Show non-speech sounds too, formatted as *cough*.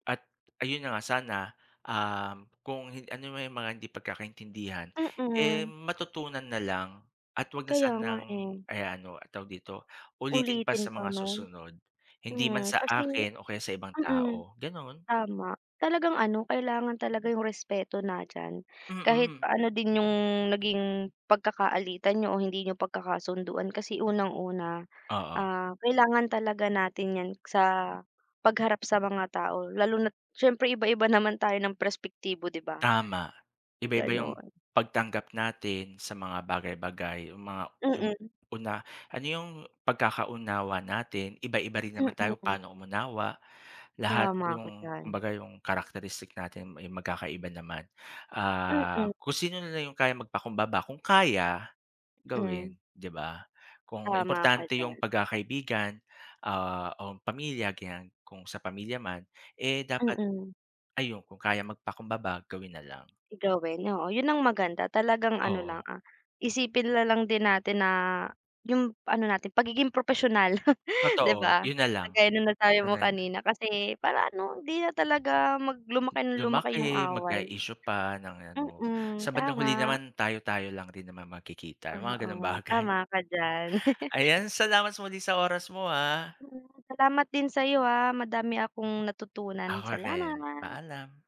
At, ayun na nga sana, um, kung hin ano man 'yong mga hindi pagkakaintindihan, eh, Mm. matutunan na lang at 'wag na Kaya nga, sanang, eh. eh, ano tawag dito, ulitin pa Ulitin sa mga pa no'n. susunod. Hindi man Hmm, sa kasi akin o kaya sa ibang mm, tao, gano'n. tama. Talagang ano kailangan talaga 'yong respeto nandiyan, kahit Mm. pa ano din 'yong naging pagkakaalitan niyo o hindi niyo pagkakasunduan. Kasi unang-una, Oo. ah, kailangan talaga natin yan sa pagharap sa mga tao, lalo na't syempre iba-iba naman tayo ng perspektibo di ba? Tama. Iba-iba 'yong, Ganon. pagtanggap natin sa mga bagay-bagay. 'Yong mga 'yong Mm. una ano 'yong pagkakaunawa natin, iba-iba rin Hmm, naman tayo mm. paano umunawa. Lahat Tama ka 'yong, diyan. kumbaga 'yong characteristic natin ay magkakaiba naman. Mm. Ah, kung sino na lang 'yong kayang magpakumbaba kung kaya, Hmm. gawin, 'di ba. Kung Tama ka importante 'yong diyan. pagkakaibigan, ah, o pamilya ganyan, kung sa pamilya man, eh, dapat Mm. ayun, kung kayang magpakumbaba gawin nalang. Gawin. Oo, 'yon ang maganda. Talagang ano lang, Oo. ah, isipin na lang din natin na, 'yong ano natin pagiging propesyonal, *chuckles* 'di Totoo, ba? 'yon na lang. Kagaya ng nasabi mo Gano'n. kanina kasi para ano hindi na talaga, mag lumaki ng lumaki 'yong Lumaki, away. magka-isyu pa ng ano. Mm. Sa bandang huli Tama. naman tayo-tayo lang rin naman magkikita, 'yong mga ganong Oo, bagay. tama ka diyan. *chuckles* Ayan, salamat muli sa oras mo, ah. Hmm. Salamat din sayo, ah. Madami akong natutunan, Ako rin. salamat. Paalam.